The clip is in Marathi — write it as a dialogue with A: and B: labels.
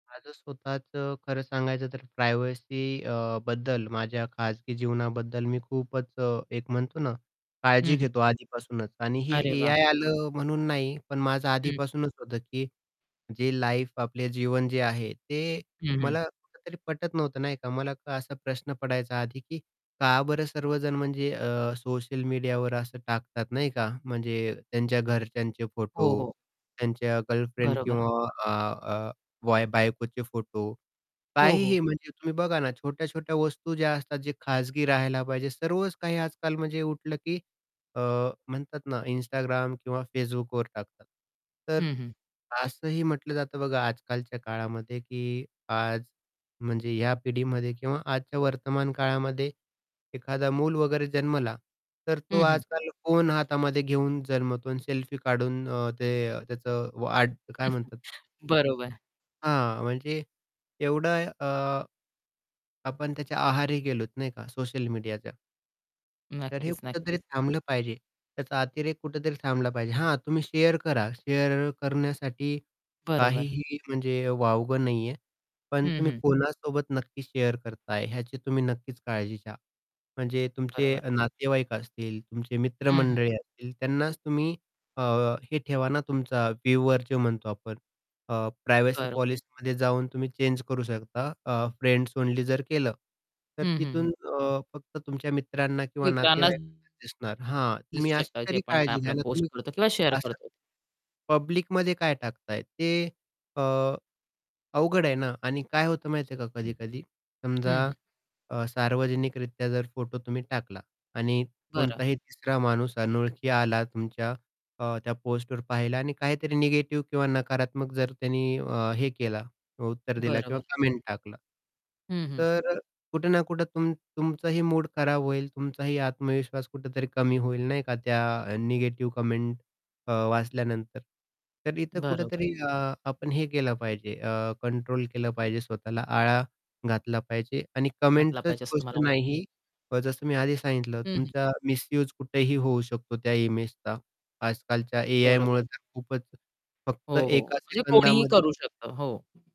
A: माझं स्वतःचं खरं सांगायचं तर प्रायव्हसी अ, बद्दल माझ्या खाजगी जीवनाबद्दल मी खूपच एक म्हणतो ना काळजी
B: हं, हं.
A: घेतो आधीपासूनच आणि हे
B: अरे वाह!
A: एआय आलं म्हणून नाही पण माझं
B: हं.
A: आधीपासूनच होतं की जे लाईफ आपले जीवन जे आहे ते
B: हं, हं.
A: मला कुठेतरी पटत नव्हतं नाही का मला असा प्रश्न पडायचा आधी की का बरं सर्वजण म्हणजे अ, सोशल मीडियावर असं टाकतात नाही का म्हणजे त्यांच्या घरच्यांचे
B: हो,
A: फोटो
B: हो.
A: त्यांच्या गर्लफ्रेंड
B: बरोबर.
A: किंवा अ, अ, वाय बायकोचे फोटो.
B: हो,
A: काहीही
B: हो.
A: म्हणजे तुम्ही बघा ना छोट्या-छोट्या वस्तू ज्या असतात जे खाजगी राहायला पाहिजे. सर्वच काही आजकाल म्हणजे उठलं की अ, म्हणतात ना Instagram किंवा Facebookवर टाकतात. तर
B: हं, हं.
A: असंही म्हटलं जातं बघा आजकालच्या काळामध्ये, की आज म्हणजे या पिढीमध्ये किंवा आजच्या वर्तमान काळामध्ये, एखादा मूल वगैरे जन्मला तर तो
B: हं, हं.
A: आजकाल फोन हातामध्ये घेऊन जन्मतो आणि सेल्फी काढून अ, ते त्याचं वाढ काय म्हणतात?
B: बरोबर.
A: हां म्हणजे एवढं अ, आपण त्याच्या आहारी गेलोत नाही का सोशल मीडियाच्या. तर हे
B: नक्कीच,
A: कुठेतरी
B: नक्कीच.
A: थांबलं पाहिजे. त्याचा अतिरेक कुठेतरी थांबला पाहिजे. हा तुम्ही शेअर करा शेअर करण्यासाठी
B: बरोबर.
A: काहीही म्हणजे वावगं नाहीये. पण
B: हं,
A: तुम्ही
B: हं.
A: कोणासोबत नक्की शेअर करताय ह्याची तुम्ही नक्कीच काळजी घ्या. म्हणजे तुमचे
B: बरोबर.
A: नातेवाईक असतील, तुमचे
B: हं, हं.
A: मित्रमंडळी असतील त्यांनाच तुम्ही अ, हे ठेवा ना तुमचा व्ह्यूवर जो म्हणतो आपण अ, प्रायव्हसी
B: बरोबर.
A: पॉलिसीमध्ये जाऊन तुम्ही चेंज करू शकता. अ, फ्रेंड्स ओनली जर केलं, तर
B: हं, हं,
A: तिथून
B: हं.
A: अ, फक्त तुमच्या मित्रांना किंवा
B: मित्रांना
A: नातेवाईकांनाच दिसणार. हां.
B: दिसू
A: तुम्ही अशी
B: शकतात जे
A: तरी
B: पण काय
A: काळजी घ्या
B: आपल्याला
A: ना
B: पोस्ट
A: तुम्ही
B: करतो किंवा शेअर
A: असं,
B: करतो.
A: पब्लिकमध्ये काय टाकताय? ते अ, अ, अवघड आहे ना आणि काय होतं माहिती आहे का कधी-कधी समजा
B: हं, हं.
A: अ, सार्वजनिकरित्या जर फोटो तुम्ही टाकला आणि
B: बरं.
A: कोणताही तिसरा माणूस अनोळखी आला तुमच्या अ, त्या पोस्टवर पाहिला आणि काहीतरी निगेटिव्ह किंवा नकारात्मक जर त्यांनी अ, हे केला उत्तर दिलं
B: बरं,
A: किंवा
B: बरं.
A: कमेंट टाकला.
B: हं, हं.
A: तर कुठे ना कुठे तुमचं तुमचंही मूड खराब होईल, तुमचाही आत्मविश्वास कुठेतरी कमी होईल नाही का त्या निगेटिव्ह कमेंट अ, वाचल्यानंतर. तर इथे
B: बरोबर.
A: कुठेतरी आपण हे केलं पाहिजे अ, कंट्रोल केलं पाहिजे स्वतःला आळा घातला पाहिजे आणि
B: घातला
A: कमेंटचीच
B: पाहिजे असं
A: गोष्ट
B: तुम्हाला वा
A: नाही. जसं मी आधी सांगितलं
B: हं, हं.
A: तुमचा मिस्यूज कुठेही होऊ शकतो त्या इमेजचा. आजकालच्या
B: बरोबर.
A: एआयमुळे तर खूपच फक्त
B: हो, हो.
A: एका
B: म्हणजे कोणीही
A: सेकंदामध्ये
B: करू शकतं. हो.